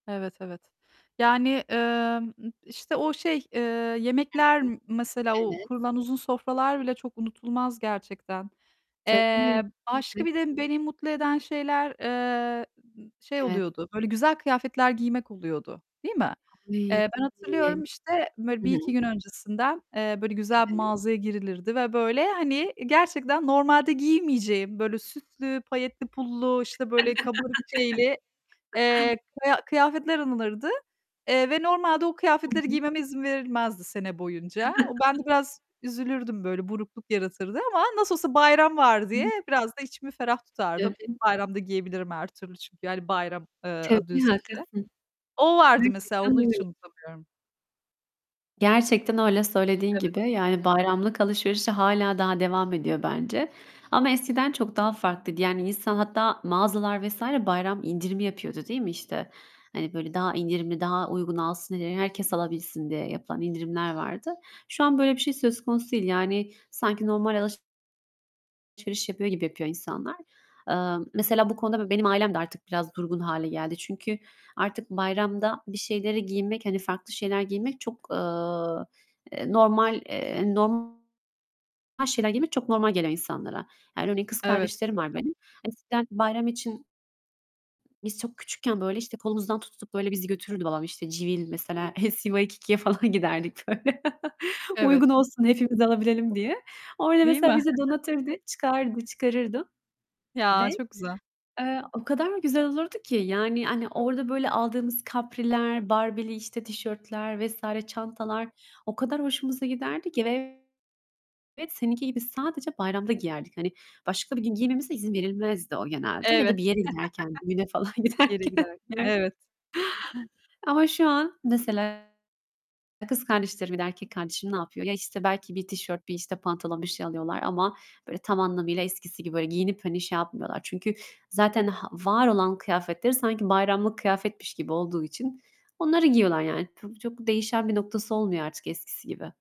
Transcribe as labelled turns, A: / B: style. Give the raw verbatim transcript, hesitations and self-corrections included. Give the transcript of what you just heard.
A: Evet, evet. Yani, emm, m işte o şey, eee,
B: Hı
A: yemekler
B: hı.
A: m mesela o
B: Evet.
A: kurulan uzun sofralar bile çok unutulmaz gerçekten. Eee,
B: Tabii.
A: başka
B: [unintelligible]
A: bir de beni mutlu eden şeyler, eee, şey
B: Evet.
A: oluyordu, böyle güzel kıyafetler giymek oluyordu, değil mi? Eee,
B: [unintelligible]
A: ben
B: Hı
A: hatırlıyorum işte böyle bir iki
B: hı.
A: gün öncesinden, eee, böyle güzel bir
B: Evet.
A: mağazaya girilirdi ve böyle, hani, gerçekten normalde giymeyeceğim böyle süslü, payetli, pullu, işte böyle kabarık şeyli, eee, kıya kıyafetler alınırdı. Eee, ve normalde o
B: Hı
A: kıyafetleri
B: hı.
A: giymeme izin verilmezdi sene boyunca. O ben de biraz üzülürdüm böyle burukluk yaratırdı ama nasıl olsa bayram var diye
B: [unintelligible]
A: biraz da içimi ferah tutardım.
B: [unintelligible]
A: Bayramda giyebilirim her türlü çünkü yani bayram, eee, adı
B: Tabii,
A: üstünde.
B: haklısın.
A: O vardı mesela
B: Gerçekten
A: onu hiç
B: öyle.
A: unutamıyorum.
B: Gerçekten öyle söylediğin
A: Evet.
B: gibi. Yani bayramlık alışverişi hâlâ daha devam ediyor bence. Ama eskiden çok daha farklıydı. Yani insan hatta mağazalar vs. bayram indirimi yapıyordu, değil mi? İşte, hani, böyle daha indirimli, daha uyguna alsın diye, herkes alabilsin diye yapılan indirimler vardı. Şu an böyle bir şey söz konusu değil. Yani, sanki normal alış alışveriş yapıyor gibi yapıyor insanlar. Eee, mesela bu konuda b benim ailem de artık biraz durgun hâle geldi. Çünkü artık bayramda bir şeyleri giymek, hani, farklı şeyler giymek çok, eee, eee, normal, eee, norm her şeyler giymek çok normal gelen insanlara. Yani örneğin kız
A: Evet.
B: kardeşlerim var benim. Hani eskiden bayram için biz çok küçükken böyle işte kolumuzdan tutup böyle bizi götürürdü babam. İşte, Civil mesela, LC Waikiki'ye falan giderdik, böyle.
A: Evet.
B: Uygun olsun, hepimiz alabilelim diye. Orada
A: Değil
B: mesela
A: mi?
B: bizi donatırdı, çıkardı çıkarırdı ve,
A: Ya, çok güzel.
B: eee, o kadar güzel olurdu ki. Yani, hani, orada böyle aldığımız kapriler, Barbie'li işte tişörtler vs. çantalar o kadar hoşumuza giderdi ki. Ve ve seninki gibi sadece bayramda giyerdik. Hani başka bir gün giymemize izin verilmezdi o genelde. Ya
A: Evet.
B: da bir yere giderken, düğüne falan
A: Bir yere
B: giderken.
A: giderken, evet.
B: Ama şu an mesela, e, kız kardeşlerim ya da erkek kardeşim ne yapıyor? Ya, işte belki bir tişört bir işte pantolon bir şey alıyorlar ama böyle tam anlamıyla eskisi gibi böyle giyinip hani şey yapmıyorlar. Çünkü zaten h var olan kıyafetleri sanki bayramlık kıyafetmiş gibi olduğu için onları giyiyorlar. Yani, p çok değişen bir noktası olmuyor artık eskisi gibi.